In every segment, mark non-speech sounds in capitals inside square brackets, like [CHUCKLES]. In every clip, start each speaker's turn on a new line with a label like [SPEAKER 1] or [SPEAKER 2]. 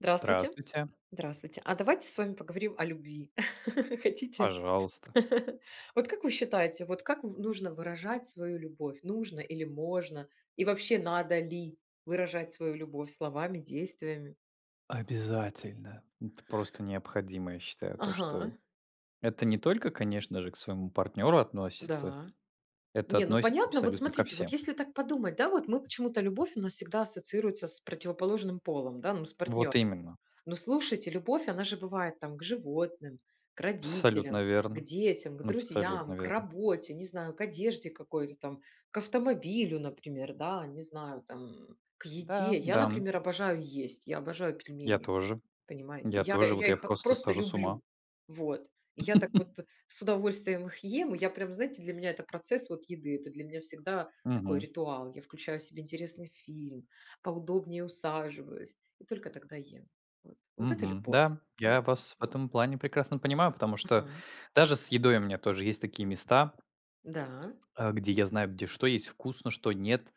[SPEAKER 1] Здравствуйте.
[SPEAKER 2] Здравствуйте!
[SPEAKER 1] Здравствуйте. А давайте с вами поговорим о любви. [LAUGHS] Хотите?
[SPEAKER 2] Пожалуйста.
[SPEAKER 1] [LAUGHS] Вот как вы считаете, вот как в нужно выражать свою любовь? Нужно или можно? И вообще надо ли выражать свою любовь словами, действиями?
[SPEAKER 2] Обязательно! Это просто необходимо, я считаю, то,
[SPEAKER 1] Ага.
[SPEAKER 2] что это не только, конечно же, к своему партнеру относится,
[SPEAKER 1] Да.
[SPEAKER 2] это
[SPEAKER 1] Не, ну
[SPEAKER 2] относится
[SPEAKER 1] понятно. Вот
[SPEAKER 2] абсолютно ко
[SPEAKER 1] смотрите, вот
[SPEAKER 2] всем.
[SPEAKER 1] если так подумать, да, вот мы почему-то, любовь у нас всегда ассоциируется с противоположным полом, да, ну с партнёр
[SPEAKER 2] Вот именно.
[SPEAKER 1] Но слушайте, любовь, она же бывает там, к животным, к родителям,
[SPEAKER 2] Абсолютно
[SPEAKER 1] к
[SPEAKER 2] верно.
[SPEAKER 1] детям, к
[SPEAKER 2] Абсолютно
[SPEAKER 1] друзьям, к
[SPEAKER 2] верно.
[SPEAKER 1] работе, не знаю, к одежде какой-то там, к автомобилю, например, да, не знаю, там, к еде.
[SPEAKER 2] Да,
[SPEAKER 1] Я,
[SPEAKER 2] да.
[SPEAKER 1] например, обожаю есть, я обожаю
[SPEAKER 2] Я
[SPEAKER 1] пельмени,
[SPEAKER 2] тоже.
[SPEAKER 1] понимаете,
[SPEAKER 2] Я
[SPEAKER 1] я
[SPEAKER 2] тоже. Вот
[SPEAKER 1] я
[SPEAKER 2] я
[SPEAKER 1] их
[SPEAKER 2] просто
[SPEAKER 1] просто
[SPEAKER 2] схожу с ума.
[SPEAKER 1] люблю. Вот. И я так вот
[SPEAKER 2] [LAUGHS]
[SPEAKER 1] с удовольствием их ем, и я прям, знаете, для меня это процесс вот еды, это для меня всегда такой
[SPEAKER 2] Мгм.
[SPEAKER 1] ритуал, я включаю себе интересный фильм, поудобнее усаживаюсь, и только тогда ем, вот. Вот это
[SPEAKER 2] Мгм.
[SPEAKER 1] любовь,
[SPEAKER 2] Да. Я
[SPEAKER 1] понимаете,
[SPEAKER 2] вас в
[SPEAKER 1] вот.
[SPEAKER 2] этом плане прекрасно понимаю, потому что
[SPEAKER 1] Ага.
[SPEAKER 2] даже с едой у меня тоже есть такие места
[SPEAKER 1] Да.
[SPEAKER 2] а, где я знаю, где что есть вкусно, что нет,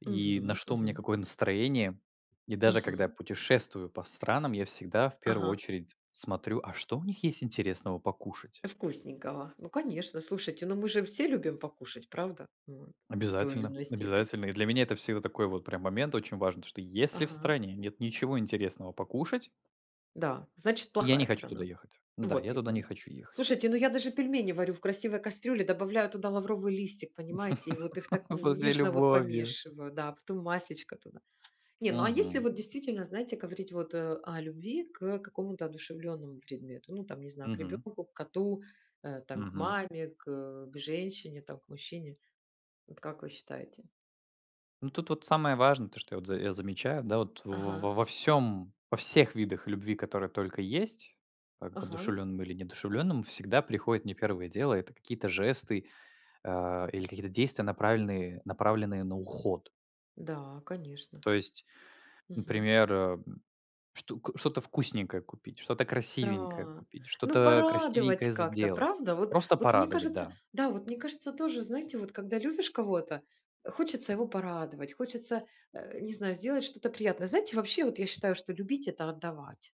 [SPEAKER 2] и на
[SPEAKER 1] Мгм
[SPEAKER 2] что мне
[SPEAKER 1] мгм.
[SPEAKER 2] какое настроение. И даже когда я
[SPEAKER 1] Мгм.
[SPEAKER 2] путешествую по странам, я всегда в первую
[SPEAKER 1] Ага.
[SPEAKER 2] очередь смотрю: а что у них есть интересного покушать?
[SPEAKER 1] Вкусненького. Ну конечно, слушайте, ну мы же все любим покушать, правда? Вот. В той или
[SPEAKER 2] Обязательно,
[SPEAKER 1] иной степени.
[SPEAKER 2] обязательно. И для меня это всегда такой вот прям момент очень важный, то что если в
[SPEAKER 1] Ага.
[SPEAKER 2] стране нет ничего интересного покушать
[SPEAKER 1] Да, значит,
[SPEAKER 2] я
[SPEAKER 1] плохая
[SPEAKER 2] не хочу туда
[SPEAKER 1] страна.
[SPEAKER 2] ехать. Да,
[SPEAKER 1] Вот
[SPEAKER 2] я туда не
[SPEAKER 1] именно.
[SPEAKER 2] хочу ехать!
[SPEAKER 1] Слушайте, ну я даже пельмени варю в красивой кастрюле, добавляю туда лавровый листик, понимаете, и вот их так
[SPEAKER 2] [LAUGHS] Со
[SPEAKER 1] н
[SPEAKER 2] всей
[SPEAKER 1] нежно вот
[SPEAKER 2] любовью!
[SPEAKER 1] помешиваю, да, потом масличко туда. Не, ну, а если
[SPEAKER 2] Мгм.
[SPEAKER 1] вот действительно, знаете, говорить вот, э, о любви к, э, какому-то одушевлённому предмету, ну, там, не знаю, к
[SPEAKER 2] Мгм.
[SPEAKER 1] ребенку, к коту, э, там к
[SPEAKER 2] Мгм.
[SPEAKER 1] маме, к э, к женщине там, к мужчине. Вот как вы считаете?
[SPEAKER 2] Ну тут вот самое важное, то что я вот я за замечаю, да вот, во во
[SPEAKER 1] Ага.
[SPEAKER 2] во всём, во всех видах любви, которые только есть, а к
[SPEAKER 1] Ага.
[SPEAKER 2] одушевленным или неодушевленным, всегда приходит мне первое дело, это какие-то жесты, а, или какие-то действия, направельные направленные на уход.
[SPEAKER 1] Да, конечно.
[SPEAKER 2] То есть,
[SPEAKER 1] Мгм.
[SPEAKER 2] например, м, что к что-то вкусненькое купить, что-то красивенькое
[SPEAKER 1] Да.
[SPEAKER 2] купить,
[SPEAKER 1] Ну
[SPEAKER 2] что-то,
[SPEAKER 1] порадовать
[SPEAKER 2] красивенькое
[SPEAKER 1] как-то,
[SPEAKER 2] сделать,
[SPEAKER 1] правда? Вот,
[SPEAKER 2] просто
[SPEAKER 1] вот мне
[SPEAKER 2] порадовать,
[SPEAKER 1] кажется,
[SPEAKER 2] да.
[SPEAKER 1] да, вот мне кажется тоже, знаете, вот когда любишь кого-то, хочется его порадовать, хочется, а, не знаю, сделать что-то приятное. Знаете, вообще вот я считаю, что любить это отдавать.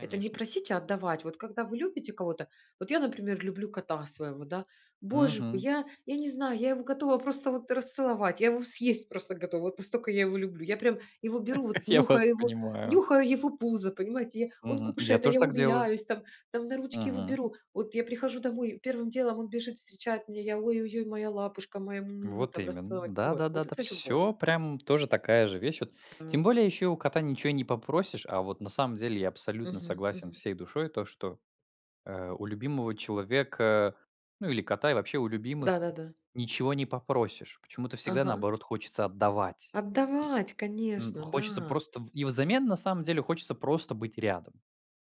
[SPEAKER 1] Это не просить, а отдавать. Вот когда вы любите кого-то, вот я, например, люблю кота своего, да. Боже мой,
[SPEAKER 2] Мгм.
[SPEAKER 1] я я не знаю, я его готова просто вот расцеловать, я его съесть просто готова, вот настолько я его люблю. Я прям его беру вот,
[SPEAKER 2] [LAUGHS] Я вас
[SPEAKER 1] нюхаю его,
[SPEAKER 2] понимаю.
[SPEAKER 1] нюхаю его пузо, понимаете я Он
[SPEAKER 2] Мгм, я
[SPEAKER 1] кушает, а
[SPEAKER 2] тоже
[SPEAKER 1] я
[SPEAKER 2] так делаю.
[SPEAKER 1] умиляюсь, там там на ручки его
[SPEAKER 2] Мгм.
[SPEAKER 1] беру. Вот я прихожу домой, и первым делом он бежит встречать меня, я: "Ой-ой-ой, моя лапушка, моя му [SMACKS LIPS] му [SMACKS LIPS] му",
[SPEAKER 2] Вот
[SPEAKER 1] там
[SPEAKER 2] именно!
[SPEAKER 1] расцеловать.
[SPEAKER 2] Да
[SPEAKER 1] Вот.
[SPEAKER 2] да да
[SPEAKER 1] Вот
[SPEAKER 2] да,
[SPEAKER 1] это любовь.
[SPEAKER 2] всё прям тоже такая же вещь, вот, тем
[SPEAKER 1] Та
[SPEAKER 2] более еще и у кота ничего и не попросишь, а вот на самом деле, я абсолютно
[SPEAKER 1] Мгм
[SPEAKER 2] согласен
[SPEAKER 1] мгм.
[SPEAKER 2] всей душой то что, а, у любимого человека, ну или кота, и вообще у любимых
[SPEAKER 1] Да-да-да.
[SPEAKER 2] ничего не попросишь, почему-то всегда
[SPEAKER 1] Ага.
[SPEAKER 2] наоборот хочется отдавать.
[SPEAKER 1] Отдавать,
[SPEAKER 2] М,
[SPEAKER 1] конечно,
[SPEAKER 2] хочется
[SPEAKER 1] да.
[SPEAKER 2] просто в и взамен на самом деле хочется просто быть рядом.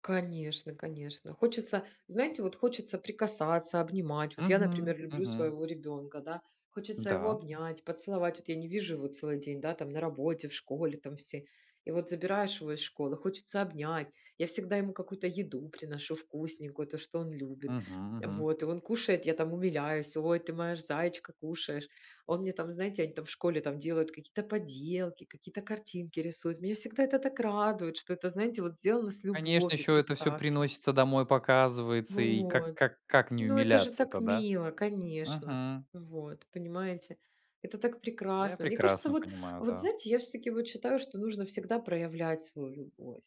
[SPEAKER 1] Конечно, конечно. Хочется, знаете, вот хочется прикасаться, обнимать. Вот я,
[SPEAKER 2] Мгм,
[SPEAKER 1] например, люблю
[SPEAKER 2] мгм.
[SPEAKER 1] своего ребёнка, да, хочется его
[SPEAKER 2] Да.
[SPEAKER 1] обнять, поцеловать, вот я не вижу его целый день, да, там на работе, в школе там все. И вот забираешь его из школы, хочется обнять, я всегда ему какую-то еду приношу вкусненькую, то, что он любит.
[SPEAKER 2] Мгм мгм.
[SPEAKER 1] Вот, и он кушает, я там умиляюсь: "Ой, ты моя ж заечка, кушаешь". Он мне там, знаете, они там в школе там делают какие-то поделки, какие-то картинки рисуют. Меня всегда это так радует, что это, знаете, вот сделано с
[SPEAKER 2] Конечно,
[SPEAKER 1] любовью,
[SPEAKER 2] ещё это всё
[SPEAKER 1] представьте.
[SPEAKER 2] приносится домой показывается, и как
[SPEAKER 1] Вот.
[SPEAKER 2] как как не
[SPEAKER 1] Ну это же
[SPEAKER 2] умиляться-то,
[SPEAKER 1] так
[SPEAKER 2] да?
[SPEAKER 1] мило, конечно,
[SPEAKER 2] Мгм.
[SPEAKER 1] вот, понимаете, это так
[SPEAKER 2] Да я
[SPEAKER 1] прекрасно. Мне кажется,
[SPEAKER 2] прекрасно
[SPEAKER 1] вот
[SPEAKER 2] понимаю,
[SPEAKER 1] вот
[SPEAKER 2] да.
[SPEAKER 1] знаете, я всё-таки вот считаю, что нужно всегда проявлять свою любовь,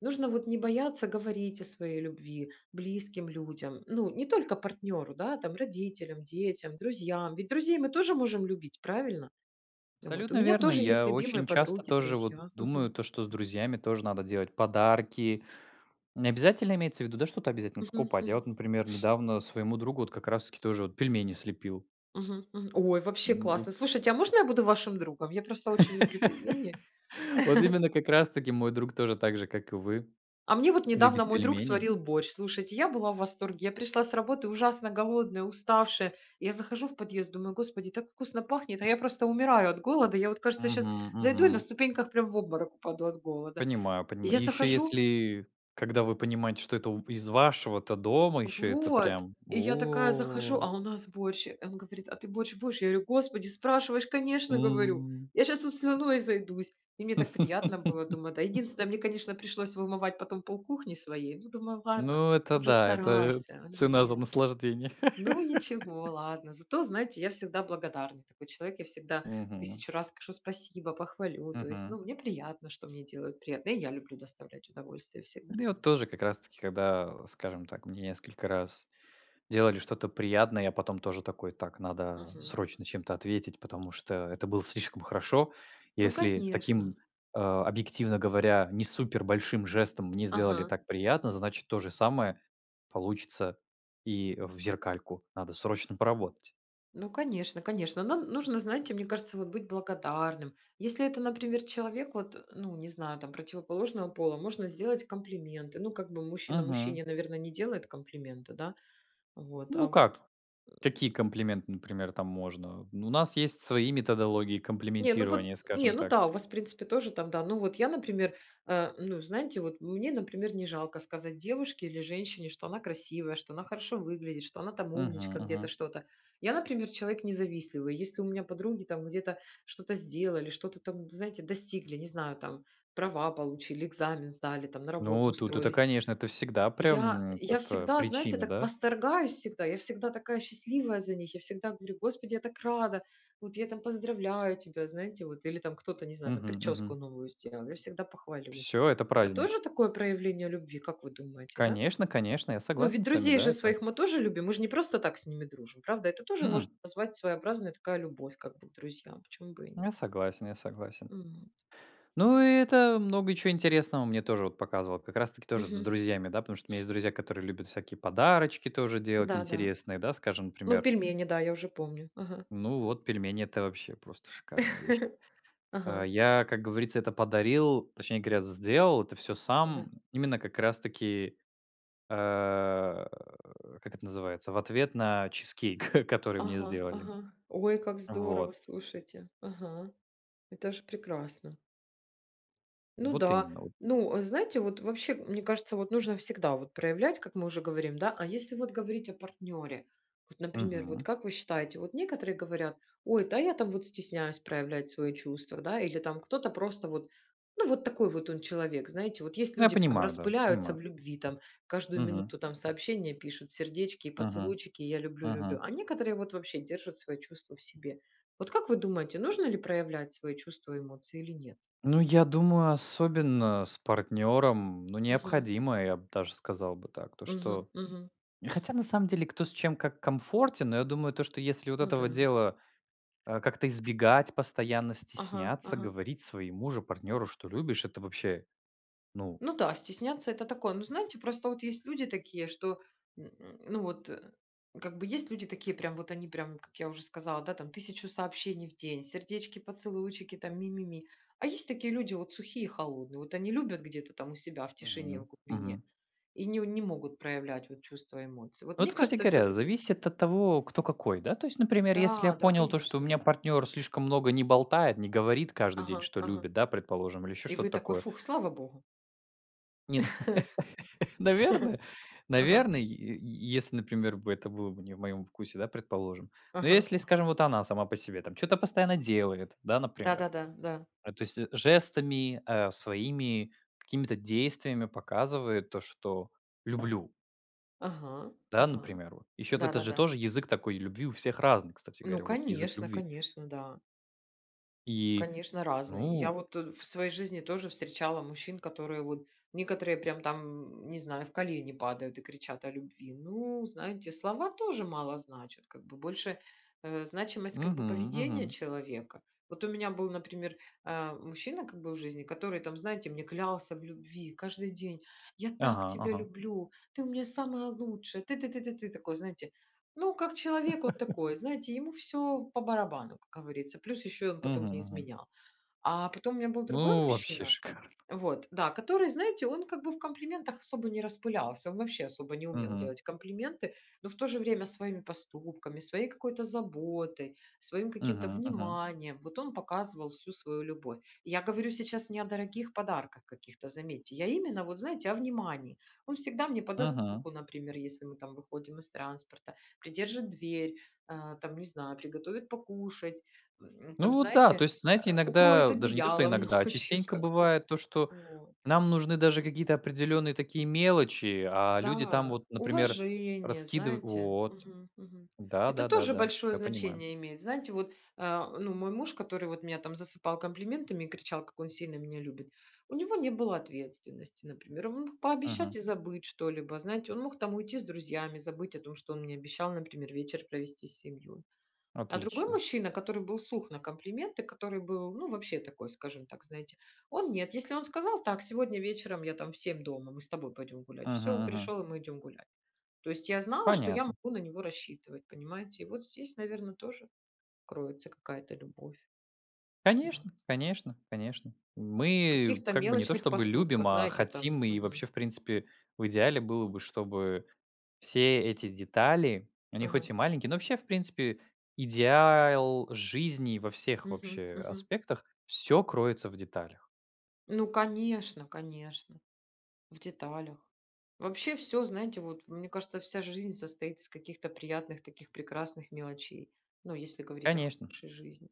[SPEAKER 1] нужно вот не бояться говорить о своей любви близким людям, ну, не только партнеру, да, там, родителям, детям, друзьям. Ведь друзей мы тоже можем любить, правильно? Вот. У
[SPEAKER 2] Абсолютно
[SPEAKER 1] меня
[SPEAKER 2] верно,
[SPEAKER 1] тоже есть
[SPEAKER 2] я
[SPEAKER 1] любимые
[SPEAKER 2] очень часто
[SPEAKER 1] подруги,
[SPEAKER 2] тоже вот
[SPEAKER 1] друзья
[SPEAKER 2] думаю,
[SPEAKER 1] Мгм.
[SPEAKER 2] то что с друзьями тоже надо делать подарки, не обязательно имеется в виду, да, что-то обязательно
[SPEAKER 1] Мгм
[SPEAKER 2] покупать, я
[SPEAKER 1] мгм.
[SPEAKER 2] вот, например, недавно своему другу вот как раз таки тоже вот пельмени слепил.
[SPEAKER 1] Мгм мгм. Ой, вообще
[SPEAKER 2] Ну вот
[SPEAKER 1] классно! Слушайте, а можно я буду вашим другом? Я просто очень люблю пельмени.
[SPEAKER 2] [LAUGHS] Вот
[SPEAKER 1] [CHUCKLES]
[SPEAKER 2] именно, как раз таки мой друг тоже, так же как и вы,
[SPEAKER 1] А мне вот
[SPEAKER 2] любит
[SPEAKER 1] недавно мой друг
[SPEAKER 2] пельмени.
[SPEAKER 1] сварил борщ. Слушайте, я была в восторге, я пришла с работы ужасно голодная, уставшая. Я захожу в подъезд, думаю: "Господи, так вкусно пахнет, а я просто умираю от голода. Я вот, кажется, щас
[SPEAKER 2] Мгм
[SPEAKER 1] зайду и на
[SPEAKER 2] мгм.
[SPEAKER 1] ступеньках прям в обморок упаду от голода".
[SPEAKER 2] Понимаю,
[SPEAKER 1] И
[SPEAKER 2] понима И
[SPEAKER 1] я
[SPEAKER 2] ещё,
[SPEAKER 1] захожу
[SPEAKER 2] если когда вы понимаете, что это у из вашего-то дома еще это
[SPEAKER 1] Вот!
[SPEAKER 2] прям,
[SPEAKER 1] И я такая захожу,
[SPEAKER 2] о.
[SPEAKER 1] а у нас борщ. Э, и он говорит: "А ты борщ будешь?" Я говорю: "Господи, спрашиваешь, конечно!- говорю,-
[SPEAKER 2] М.
[SPEAKER 1] Я щас тут слюной изойдусь!" И мне так приятно было, думаю, да
[SPEAKER 2] [LAUGHS]
[SPEAKER 1] Единственное, мне, конечно, пришлось вымывать потом полкухни своей, ну думаю, ладно,
[SPEAKER 2] Ну это
[SPEAKER 1] он же
[SPEAKER 2] да, это ц
[SPEAKER 1] старался, он же
[SPEAKER 2] цена за
[SPEAKER 1] делал.
[SPEAKER 2] наслаждение.
[SPEAKER 1] Ну ничего,
[SPEAKER 2] [LAUGHS]
[SPEAKER 1] ладно. Зато, знаете, я всегда благодарна, такой человек, я всегда
[SPEAKER 2] Мгм.
[SPEAKER 1] 1 000 раз скажу спасибо, похвалю. То есть
[SPEAKER 2] Мгм.
[SPEAKER 1] ну мне приятно, что мне делают приятно. И я люблю доставлять удовольствие
[SPEAKER 2] У
[SPEAKER 1] всегда.
[SPEAKER 2] меня вот тоже как раз таки, когда, скажем так, мне несколько раз делали что-то приятное, я потом тоже такой, так, надо
[SPEAKER 1] Мгм.
[SPEAKER 2] срочно чем-то ответить, потому что это было слишком хорошо.
[SPEAKER 1] Ну,
[SPEAKER 2] Если
[SPEAKER 1] конечно.
[SPEAKER 2] таким, а, объективно говоря, не супер большим жестом мне сделали
[SPEAKER 1] Ага.
[SPEAKER 2] так приятно, значит то же самое получится и в зеркальку. Надо срочно поработать.
[SPEAKER 1] Ну, конечно конечно, нам нужно, знаете, мне кажется, вот быть благодарным, если это, например, человек вот, ну не знаю там, противоположного пола, можно сделать комплименты, ну как бы мужчина
[SPEAKER 2] Мгм.
[SPEAKER 1] мужчине, наверно, не делает комплименты, да. Вот,
[SPEAKER 2] Ну
[SPEAKER 1] а, вот.
[SPEAKER 2] как, какие
[SPEAKER 1] [GRUNTS]
[SPEAKER 2] комплименты, например, там можно? Ну у нас есть свои методологии
[SPEAKER 1] Не ну вот
[SPEAKER 2] комплиментирования,
[SPEAKER 1] не
[SPEAKER 2] скажем
[SPEAKER 1] ну
[SPEAKER 2] так.
[SPEAKER 1] да, у вас, в принципе, тоже там, да. Ну вот я, например, а, ну знаете, вот мне, например, не жалко сказать девушке или женщине, что она красивая, что она хорошо выглядит, что она там
[SPEAKER 2] Мгм
[SPEAKER 1] умничка где-то,
[SPEAKER 2] мгм.
[SPEAKER 1] что-то. Я, например, человек не завистливый, если у меня подруги там где-то что-то сделали, что-то там, знаете, достигли, не знаю, там права получили, экзамен сдали там, на работу
[SPEAKER 2] Ну тут это,
[SPEAKER 1] устроились.
[SPEAKER 2] конечно, это всегда прям,
[SPEAKER 1] Я
[SPEAKER 2] м,
[SPEAKER 1] я
[SPEAKER 2] это
[SPEAKER 1] всегда, знаете,
[SPEAKER 2] причина,
[SPEAKER 1] так
[SPEAKER 2] да?
[SPEAKER 1] восторгаюсь, всегда, я всегда такая счастливая за них, я всегда говорю: "Господи, я так рада, вот я там поздравляю тебя!" Знаете вот, или там кто-то, не знаю там,
[SPEAKER 2] Мгм мгм.
[SPEAKER 1] прическу новую сделал, я всегда похвалю.
[SPEAKER 2] Всё, это
[SPEAKER 1] Это
[SPEAKER 2] праздник!
[SPEAKER 1] тоже такое проявление любви, как вы думаете, да?
[SPEAKER 2] Конечно конечно, я
[SPEAKER 1] Ну, ведь
[SPEAKER 2] согласен с вами,
[SPEAKER 1] друзей
[SPEAKER 2] да,
[SPEAKER 1] же
[SPEAKER 2] это
[SPEAKER 1] своих мы тоже любим, мы ж не просто так с ними дружим, правда? Это тоже можно
[SPEAKER 2] М-м.
[SPEAKER 1] назвать, своеобразная такая любовь, как бы к друзьям, почему бы и
[SPEAKER 2] Я
[SPEAKER 1] нет.
[SPEAKER 2] согласен, я согласен.
[SPEAKER 1] М.
[SPEAKER 2] Ну и это много чё интересного мне тоже вот показывал, как раз таки тоже вот с
[SPEAKER 1] Мгм.
[SPEAKER 2] друзьями, да. Потому что у меня есть друзья, которые любят всякие подарочки тоже делать
[SPEAKER 1] Да, да.
[SPEAKER 2] интересные, да, скажем,
[SPEAKER 1] Ну
[SPEAKER 2] например.
[SPEAKER 1] пельмени, да, я уже помню, ага.
[SPEAKER 2] Ну вот пельмени, это вообще просто шикарные вещи.
[SPEAKER 1] [LAUGHS]
[SPEAKER 2] А
[SPEAKER 1] Ага.
[SPEAKER 2] я, как говорится, это подарил, точнее говоря, сделал это всё
[SPEAKER 1] Да.
[SPEAKER 2] сам именно как раз таки а, [GRUNTS] как это называется, в ответ на чизкейк [CHUCKLES] который мне
[SPEAKER 1] Ага,
[SPEAKER 2] сделали.
[SPEAKER 1] ага. Ой, как здорово,
[SPEAKER 2] Вот.
[SPEAKER 1] слушайте Ага, это же прекрасно. Ну
[SPEAKER 2] Вот
[SPEAKER 1] да,
[SPEAKER 2] именно во
[SPEAKER 1] ну, э, знаете, вот вообще, мне кажется, вот нужно всегда вот проявлять, как мы уже говорим, да, а если вот говорить о партнере. Вот, например, вот
[SPEAKER 2] Мгм.
[SPEAKER 1] как вы считаете, вот некоторые говорят: "Ой, да, а я там вот стесняюсь проявлять свои чувства", да. Или там кто-то просто вот, ну, вот такой вот он человек. Знаете, вот есть
[SPEAKER 2] Я
[SPEAKER 1] люди там
[SPEAKER 2] понимаю, да,
[SPEAKER 1] распыляются
[SPEAKER 2] понимаю.
[SPEAKER 1] в любви, там, каждую
[SPEAKER 2] Мгм.
[SPEAKER 1] минуту там сообщения пишут, сердечки и
[SPEAKER 2] Мгм.
[SPEAKER 1] поцелуйчики, я люблю, люблю,
[SPEAKER 2] Мгм.
[SPEAKER 1] а некоторые вот вообще держат свои чувства в себе. Вот как вы думаете, нужно ли проявлять свои чувства и эмоции или нет?
[SPEAKER 2] Ну я думаю, особенно с партнером ну
[SPEAKER 1] Мгм.
[SPEAKER 2] необходимо, я б даже сказал бы так, то
[SPEAKER 1] Мгм
[SPEAKER 2] что
[SPEAKER 1] мгм.
[SPEAKER 2] Хотя, на самом деле, кто с чем как комфортен, но я думаю то, что если вот
[SPEAKER 1] Ну
[SPEAKER 2] этого
[SPEAKER 1] да.
[SPEAKER 2] дела, а, как-то избегать, постоянно
[SPEAKER 1] Ага
[SPEAKER 2] стесняться
[SPEAKER 1] ага.
[SPEAKER 2] говорить своему же партнеру, что любишь, это вообще, ну
[SPEAKER 1] Ну да, стесняться это такое. Ну, знаете, просто вот есть люди такие, что, [GRUNTS] ну, вот э, как бы есть люди такие прям вот они, прям как я уже сказала, да, там 1 000 сообщений в день, сердечки, поцелуйчики, там ми ми ми. А есть такие люди вот, сухие и холодные, вот они любят где-то там у себя в тишине, в
[SPEAKER 2] Мгм
[SPEAKER 1] глубине,
[SPEAKER 2] мгм.
[SPEAKER 1] и не не могут проявлять вот чувства и эмоции. Вот мне
[SPEAKER 2] Вот, кстати
[SPEAKER 1] кажется,
[SPEAKER 2] говоря,
[SPEAKER 1] всё-таки
[SPEAKER 2] зависит от того, кто какой, да, то есть, например, если я
[SPEAKER 1] Да-да,
[SPEAKER 2] понял то, что у
[SPEAKER 1] конечно.
[SPEAKER 2] меня партнер слишком много не болтает, не говорит каждый день,
[SPEAKER 1] Ага,
[SPEAKER 2] что
[SPEAKER 1] ага.
[SPEAKER 2] любит, да, предположим, или еще
[SPEAKER 1] И
[SPEAKER 2] что-то
[SPEAKER 1] вы такой:
[SPEAKER 2] такое
[SPEAKER 1] "Фух, слава Богу".
[SPEAKER 2] Не, ну, наверное,
[SPEAKER 1] [LAUGHS] Ага.
[SPEAKER 2] наверное, й й если например бы, это было бы не в моем вкусе, да, предположим. Но
[SPEAKER 1] Ага
[SPEAKER 2] если
[SPEAKER 1] ага.
[SPEAKER 2] скажем вот она сама по себе там чё-то постоянно делает, да, например.
[SPEAKER 1] Да-да-да, да.
[SPEAKER 2] А, то есть, жестами, э, своими какими-то действиями, показывает то, что люблю.
[SPEAKER 1] Ага
[SPEAKER 2] Да,
[SPEAKER 1] ага.
[SPEAKER 2] например, вот. Еще это же
[SPEAKER 1] Да-да-да.
[SPEAKER 2] тоже язык такой любви у всех разный, кстати
[SPEAKER 1] Ну
[SPEAKER 2] говоря, вот. Язык
[SPEAKER 1] конечно,
[SPEAKER 2] любви.
[SPEAKER 1] конечно, да.
[SPEAKER 2] И.
[SPEAKER 1] Конечно разные. Я
[SPEAKER 2] Ну.
[SPEAKER 1] вот, э, в своей жизни тоже встречала мужчин, которые вот некоторые прям там, не знаю, в колени падают и кричат о любви. Ну, знаете, слова тоже мало значат, как бы больше, э, значимость, как бы
[SPEAKER 2] Мгм
[SPEAKER 1] поведения
[SPEAKER 2] мгм.
[SPEAKER 1] человека. Вот у меня был, например, а, мужчина, как бы в жизни, который там, знаете, мне клялся в любви каждый день: "Я так
[SPEAKER 2] Ага
[SPEAKER 1] тебя
[SPEAKER 2] ага.
[SPEAKER 1] люблю, ты у меня самая лучшая, ты ты ты ты ты". Такой, знаете, ну, как человек вот
[SPEAKER 2] [LAUGHS]
[SPEAKER 1] такой, знаете, ему всё по барабану, как говорится. Плюс ещё он потом
[SPEAKER 2] Мгм
[SPEAKER 1] мне
[SPEAKER 2] мгм.
[SPEAKER 1] изменял. А потом у меня был другой
[SPEAKER 2] Ну, вообще
[SPEAKER 1] мужчина,
[SPEAKER 2] шикарно!
[SPEAKER 1] вот. Да, который, знаете, он как бы в комплиментах особо не распылялся, он вообще особо не умел
[SPEAKER 2] Мгм.
[SPEAKER 1] делать комплименты, но в то же время своими поступками, своей какой-то заботой, своим каким-то
[SPEAKER 2] Мгм мгм.
[SPEAKER 1] вниманием, вот он показывал всю свою любовь. Я говорю сейчас не о дорогих подарках каких-то, заметьте, я именно вот знаете о внимании. Он всегда мне подаст
[SPEAKER 2] Мгм.
[SPEAKER 1] руку, например, если мы там выходим из транспорта, придержит дверь, а, там, не знаю, приготовит покушать, м,
[SPEAKER 2] Ну,
[SPEAKER 1] там,
[SPEAKER 2] вот да,
[SPEAKER 1] знаете,
[SPEAKER 2] то есть, знаете,
[SPEAKER 1] а, укроет
[SPEAKER 2] иногда даже не то что
[SPEAKER 1] одеялом
[SPEAKER 2] иногда, а,
[SPEAKER 1] ночью,
[SPEAKER 2] частенько,
[SPEAKER 1] как бы.
[SPEAKER 2] бывает то, что
[SPEAKER 1] Вот.
[SPEAKER 2] нам нужны даже какие-то определенные такие мелочи, а люди там
[SPEAKER 1] Да,
[SPEAKER 2] вот, например,
[SPEAKER 1] уважение,
[SPEAKER 2] раскидыв
[SPEAKER 1] знаете
[SPEAKER 2] Вот.
[SPEAKER 1] Мгм мгм.
[SPEAKER 2] Да
[SPEAKER 1] Это
[SPEAKER 2] да да
[SPEAKER 1] тоже
[SPEAKER 2] да,
[SPEAKER 1] большое
[SPEAKER 2] я понимаю.
[SPEAKER 1] значение имеет. Знаете, вот, а, ну, мой муж, который вот меня там засыпал комплиментами и кричал, как он сильно меня любит, у него не было ответственности. Например, он мог
[SPEAKER 2] Мгм.
[SPEAKER 1] пообещать и забыть что-либо, знаете, он мог там уйти с друзьями, забыть о том, что он мне обещал, например, вечер провести с семьёй. А другой
[SPEAKER 2] Отлично.
[SPEAKER 1] мужчина, который был сух на комплименты, который был ну вообще такой, скажем так, знаете, он нет. Если он сказал: "Так, сегодня вечером, я там в 7 дома, мы с тобой пойдём гулять". Всё,
[SPEAKER 2] Мгм
[SPEAKER 1] он
[SPEAKER 2] мгм.
[SPEAKER 1] пришёл и мы идём гулять. То есть я знала, что я
[SPEAKER 2] Понятно.
[SPEAKER 1] могу на него рассчитывать, понимаете? И вот здесь, наверно, тоже кроется какая-то любовь. Вот.
[SPEAKER 2] Конечно, конечно, конечно.
[SPEAKER 1] В
[SPEAKER 2] Мы
[SPEAKER 1] каких-то
[SPEAKER 2] как бы не то
[SPEAKER 1] мелочных
[SPEAKER 2] чтобы
[SPEAKER 1] поступках,
[SPEAKER 2] любим, а
[SPEAKER 1] знаете там,
[SPEAKER 2] хотим и
[SPEAKER 1] мгм.
[SPEAKER 2] вообще, в принципе, в идеале, было бы, чтобы все эти детали, они хоть
[SPEAKER 1] Ага.
[SPEAKER 2] и маленькие Но вообще, в принципе, идеал жизни во всех
[SPEAKER 1] Мгм
[SPEAKER 2] вообще
[SPEAKER 1] мгм.
[SPEAKER 2] аспектах, всё кроется в деталях.
[SPEAKER 1] Ну конечно, конечно. В деталях. Вообще всё, знаете, вот мне кажется, вся жизнь состоит из каких-то приятных таких прекрасных мелочей, ну, если говорить о
[SPEAKER 2] Конечно!
[SPEAKER 1] хорошей жизни.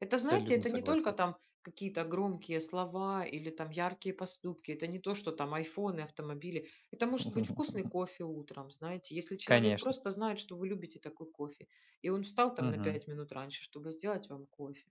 [SPEAKER 1] Это, знаете,
[SPEAKER 2] Абсолютно
[SPEAKER 1] это не только
[SPEAKER 2] согласен!
[SPEAKER 1] там какие-то громкие слова или там яркие поступки, это не то, что там "Айфоны", автомобили. Это может быть вкусный
[SPEAKER 2] [LAUGHS]
[SPEAKER 1] кофе утром, знаете, если человек
[SPEAKER 2] Конечно.
[SPEAKER 1] просто знает, что вы любите такой кофе, и он встал там на
[SPEAKER 2] Мгм.
[SPEAKER 1] 5 минут раньше, чтобы сделать вам кофе,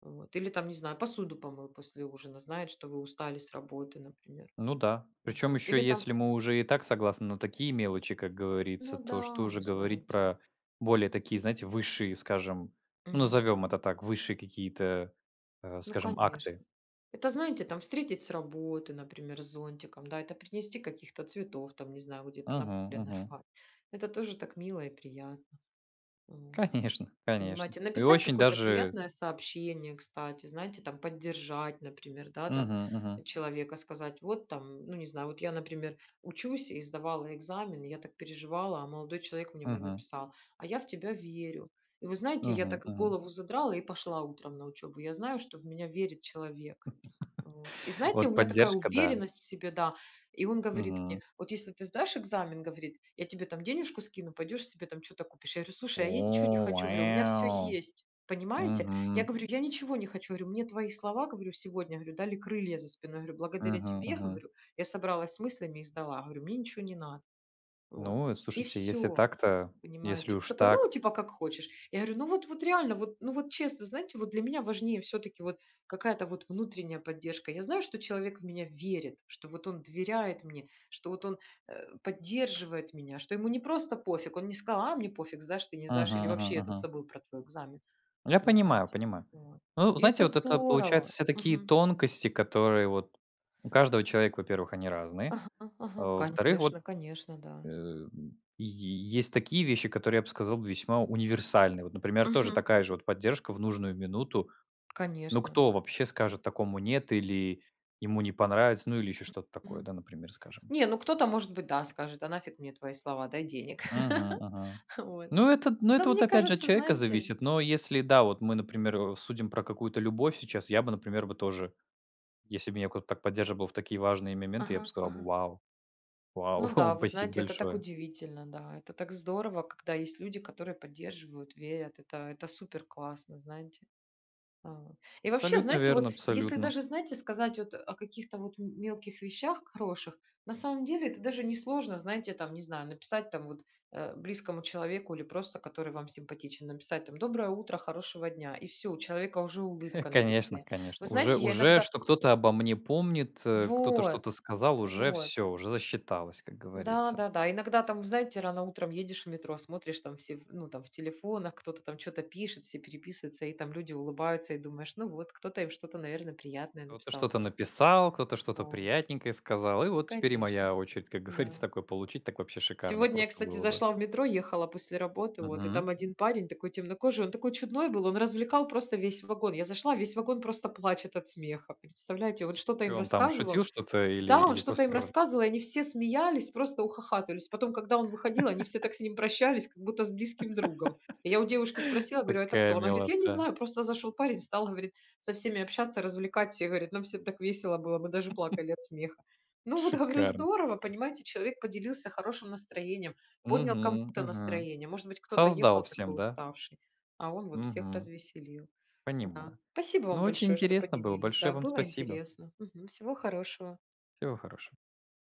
[SPEAKER 1] вот. Или там, не знаю, посуду помыл после ужина, знает, что вы устали с работы, например.
[SPEAKER 2] Ну да. Причем,
[SPEAKER 1] Вот.
[SPEAKER 2] ещё
[SPEAKER 1] Или там
[SPEAKER 2] если мы уже и так согласны на такие мелочи, как говорится,
[SPEAKER 1] Ну
[SPEAKER 2] то что
[SPEAKER 1] да,
[SPEAKER 2] уже
[SPEAKER 1] ну
[SPEAKER 2] говорить
[SPEAKER 1] знаете.
[SPEAKER 2] про более такие, знаете, высшие, скажем, ну
[SPEAKER 1] Мгм
[SPEAKER 2] назовем
[SPEAKER 1] мгм.
[SPEAKER 2] это так, высшие какие-то, а,
[SPEAKER 1] Ну
[SPEAKER 2] скажем, акты.
[SPEAKER 1] конечно. Это знаете, там встретить с работы, например, с зонтиком, да, это принести каких-то цветов, там не знаю, где-то на
[SPEAKER 2] Мгм
[SPEAKER 1] поле
[SPEAKER 2] мгм.
[SPEAKER 1] нарвать. Это тоже так мило и приятно. Вот.
[SPEAKER 2] Конечно, конечно.
[SPEAKER 1] Понимаете,
[SPEAKER 2] И
[SPEAKER 1] написать
[SPEAKER 2] очень
[SPEAKER 1] какое-то
[SPEAKER 2] даже
[SPEAKER 1] приятное сообщение, кстати, знаете, там поддержать, например, да, там,
[SPEAKER 2] Мгм мгм.
[SPEAKER 1] человека, сказать вот там Ну не знаю, вот я, например, учусь и сдавала экзамены, я так переживала, а молодой человек мне мой
[SPEAKER 2] Мгм.
[SPEAKER 1] написал: "А я в тебя верю". И вы знаете, я
[SPEAKER 2] Мгм
[SPEAKER 1] так
[SPEAKER 2] мгм.
[SPEAKER 1] голову задрала и пошла утром на учёбу, я знаю, что в меня верит человек. Вот. И
[SPEAKER 2] [LAUGHS]
[SPEAKER 1] знаете, у
[SPEAKER 2] Вот
[SPEAKER 1] меня такая
[SPEAKER 2] поддержка, да.
[SPEAKER 1] уверенность в себе, да. И он говорит мне:
[SPEAKER 2] Мгм.
[SPEAKER 1] "Вот если ты сдашь экзамен,- говорит, я тебе там денежку скину, пойдешь себе там чё-то купишь". Я говорю: "Слушай, а я ничего не
[SPEAKER 2] О,
[SPEAKER 1] хочу,- говорю, у меня все
[SPEAKER 2] вэу.
[SPEAKER 1] есть". Понимаете? Я
[SPEAKER 2] Мгм.
[SPEAKER 1] говорю: "Я ничего не хочу,- говорю,- мне твои слова,- говорю,- сегодня,- говорю,- дали крылья за спиной,- говорю.- Благодаря
[SPEAKER 2] Мгм
[SPEAKER 1] тебе,-
[SPEAKER 2] мгм.
[SPEAKER 1] говорю,- я собралась с мыслями и сдала,- говорю,- мне ничего не надо". Вот.
[SPEAKER 2] Ну,
[SPEAKER 1] И
[SPEAKER 2] слушайте, если
[SPEAKER 1] всё.
[SPEAKER 2] так-то, если
[SPEAKER 1] Понимаете?
[SPEAKER 2] уж
[SPEAKER 1] Такой, ну,
[SPEAKER 2] так.
[SPEAKER 1] типа: "Как хочешь". Я говорю: "Ну, вот, вот реально, вот, ну, вот честно". Знаете, вот для меня важнее всё-таки вот какая-то вот внутренняя поддержка. Я знаю, что человек в меня верит, что вот он доверяет мне, что вот он, э, поддерживает меня, что ему не просто пофиг, он не сказал: "А мне пофиг, сдашь, ты не сдашь, или
[SPEAKER 2] Мгм мгм
[SPEAKER 1] вообще я там
[SPEAKER 2] мгм.
[SPEAKER 1] забыл про твой экзамен".
[SPEAKER 2] Я понимаю,
[SPEAKER 1] Понимаете?
[SPEAKER 2] понимаю.
[SPEAKER 1] Вот.
[SPEAKER 2] Ну,
[SPEAKER 1] И
[SPEAKER 2] знаете,
[SPEAKER 1] это
[SPEAKER 2] вот это получается,
[SPEAKER 1] здорово,
[SPEAKER 2] все такие
[SPEAKER 1] мгм.
[SPEAKER 2] тонкости, которые вот у каждого человека, во-первых, они разные,
[SPEAKER 1] Ага
[SPEAKER 2] а,
[SPEAKER 1] ага.
[SPEAKER 2] во-вторых, вот,
[SPEAKER 1] Конечно, конечно,
[SPEAKER 2] [GRUNTS]
[SPEAKER 1] да.
[SPEAKER 2] м, й есть такие вещи, которые, я б сказал, весьма универсальны. Вот например, тоже
[SPEAKER 1] Мгм
[SPEAKER 2] такая же
[SPEAKER 1] мгм.
[SPEAKER 2] вот поддержка в нужную минуту, ну
[SPEAKER 1] Конечно.
[SPEAKER 2] кто вообще скажет такому нет, или ему не понравится, ну или ещё что-то такое, да,
[SPEAKER 1] Мгм.
[SPEAKER 2] например скажем.
[SPEAKER 1] Не, ну кто-то, может быть, да, скажет: "А нафиг мне твои слова, дай денег".
[SPEAKER 2] Мгм
[SPEAKER 1] [LAUGHS]
[SPEAKER 2] мгм.
[SPEAKER 1] Вот.
[SPEAKER 2] Ну это т ну
[SPEAKER 1] Но
[SPEAKER 2] это вот
[SPEAKER 1] мне
[SPEAKER 2] опять же от
[SPEAKER 1] кажется,
[SPEAKER 2] человека
[SPEAKER 1] знаете
[SPEAKER 2] зависит, но если, да, вот, мы, например, судим про какую-то любовь сейчас, я бы, например бы, тоже, если бы меня кто-то так поддерживал в такие важные моменты, я б
[SPEAKER 1] Ага,
[SPEAKER 2] сказал бы:
[SPEAKER 1] ага.
[SPEAKER 2] "Вау, вау,
[SPEAKER 1] Ну да,
[SPEAKER 2] [CHUCKLES]
[SPEAKER 1] вы
[SPEAKER 2] спасибо
[SPEAKER 1] знаете, это так
[SPEAKER 2] большое!"
[SPEAKER 1] удивительно, да. Это так здорово, когда есть люди, которые поддерживают, верят, это это супер классно, знаете. Вот. И вообще
[SPEAKER 2] Абсолютно
[SPEAKER 1] знаете,
[SPEAKER 2] верно,
[SPEAKER 1] вот если
[SPEAKER 2] абсолютно.
[SPEAKER 1] даже, знаете, сказать вот, а, о каких-то вот м мелких вещах хороших, на самом деле это даже несложно, знаете там, не знаю, написать там вот, э, близкому человеку или просто, который вам симпатичен, написать там: "Доброе утро, хорошего дня". И всё, у человека уже
[SPEAKER 2] [CHUCKLES]
[SPEAKER 1] улыбка на
[SPEAKER 2] Конечно,
[SPEAKER 1] лице. Вы
[SPEAKER 2] конечно уже
[SPEAKER 1] знаете, я
[SPEAKER 2] уже
[SPEAKER 1] иногда
[SPEAKER 2] что кто-то обо мне помнит, э, кто-то
[SPEAKER 1] Вот,
[SPEAKER 2] что-то сказал уже
[SPEAKER 1] вот.
[SPEAKER 2] всё, уже засчиталось, как говорится.
[SPEAKER 1] Да-да-да. Иногда там, знаете, рано утром едешь в метро, смотришь, там все, ну там в телефонах, кто-то там чё-то пишет, все переписываются, и там люди улыбаются, и думаешь: "Ну вот, кто-то им что-то, наверно, приятное
[SPEAKER 2] Кто-то
[SPEAKER 1] написал,
[SPEAKER 2] что-то
[SPEAKER 1] может".
[SPEAKER 2] написал, кто-то что-то
[SPEAKER 1] Вот.
[SPEAKER 2] приятненькое сказал, и
[SPEAKER 1] Ну,
[SPEAKER 2] вот теперь и
[SPEAKER 1] конечно.
[SPEAKER 2] моя очередь, как говорится,
[SPEAKER 1] Да.
[SPEAKER 2] такое получить, так вообще шикарно
[SPEAKER 1] Сегодня, я
[SPEAKER 2] просто
[SPEAKER 1] кстати,
[SPEAKER 2] было бы.
[SPEAKER 1] зашла в метро, ехала после работы, вот. И
[SPEAKER 2] Мгм.
[SPEAKER 1] там один, парень такой темнокожий, он такой чудной был, он развлекал просто весь вагон. Я зашла, весь вагон просто плачет от смеха. Представляете, он что-то
[SPEAKER 2] Чё
[SPEAKER 1] им
[SPEAKER 2] он там, шутил
[SPEAKER 1] рассказывал.
[SPEAKER 2] что-то или
[SPEAKER 1] Да, он
[SPEAKER 2] или
[SPEAKER 1] что-то
[SPEAKER 2] просто
[SPEAKER 1] им
[SPEAKER 2] рр?
[SPEAKER 1] рассказывал, и они все смеялись, просто ухахатывались. Потом, когда он выходил, они все
[SPEAKER 2] [LAUGHS]
[SPEAKER 1] так с ним прощались, как будто с близким другом. И я у девушки спросила,
[SPEAKER 2] [LAUGHS]
[SPEAKER 1] говорю: "А это
[SPEAKER 2] Такая
[SPEAKER 1] кто?" Она говорит, я не
[SPEAKER 2] милота!
[SPEAKER 1] знаю, просто зашёл парень, стал, говорит, со всеми общаться, развлекать. Все говорят: "Нам всем так весело было, мы даже
[SPEAKER 2] [LAUGHS]
[SPEAKER 1] плакали от смеха". Ну вот, говорю,
[SPEAKER 2] Шикарно!
[SPEAKER 1] здорово, понимаете, человек поделился хорошим настроением, поднял
[SPEAKER 2] Мгм
[SPEAKER 1] кому-то
[SPEAKER 2] мгм.
[SPEAKER 1] настроение, может быть кто-то
[SPEAKER 2] Создал
[SPEAKER 1] ехал
[SPEAKER 2] всем,
[SPEAKER 1] такой
[SPEAKER 2] да?
[SPEAKER 1] уставший, а он вот всех
[SPEAKER 2] Мгм.
[SPEAKER 1] развеселил. Да.
[SPEAKER 2] Понимаю.
[SPEAKER 1] Спасибо
[SPEAKER 2] Ну
[SPEAKER 1] вам
[SPEAKER 2] очень
[SPEAKER 1] большое, что
[SPEAKER 2] интересно было,
[SPEAKER 1] поделились, да,
[SPEAKER 2] большое вам
[SPEAKER 1] было
[SPEAKER 2] спасибо.
[SPEAKER 1] интересно Мгм. Всего хорошего.
[SPEAKER 2] Всего хорошего.